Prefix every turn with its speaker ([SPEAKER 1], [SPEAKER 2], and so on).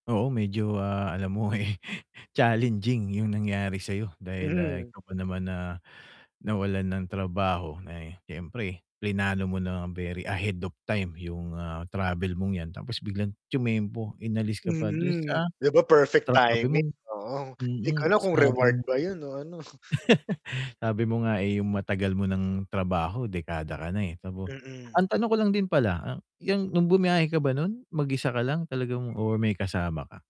[SPEAKER 1] Oo medyo, ah, alam mo eh, challenging yung nangyari sa'yo, dahil, ah,
[SPEAKER 2] Mm.
[SPEAKER 1] ikaw pa naman, ah, nawalan ng trabaho. Na eh, siyempre, pinlano mo na very ahead of time yung, ah, travel mong 'yan, tapos biglang tyumempo, inalis ka pa dun
[SPEAKER 2] Mhm,
[SPEAKER 1] sa
[SPEAKER 2] 'di ba, perfect
[SPEAKER 1] sa sabi
[SPEAKER 2] timing,
[SPEAKER 1] mong
[SPEAKER 2] oo, 'di ko
[SPEAKER 1] mm,
[SPEAKER 2] alam kung
[SPEAKER 1] sinabi
[SPEAKER 2] reward
[SPEAKER 1] mo
[SPEAKER 2] ba yun o ano.
[SPEAKER 1] sabi mo nga eh, yung matagal mo nang trabaho, dekada ka na eh, kamo.
[SPEAKER 2] Mm.
[SPEAKER 1] Ang tanong ko lang din pala ah, yung nung bumyahe ka ba nun, mag-isa ka lang talagang or may kasama ka?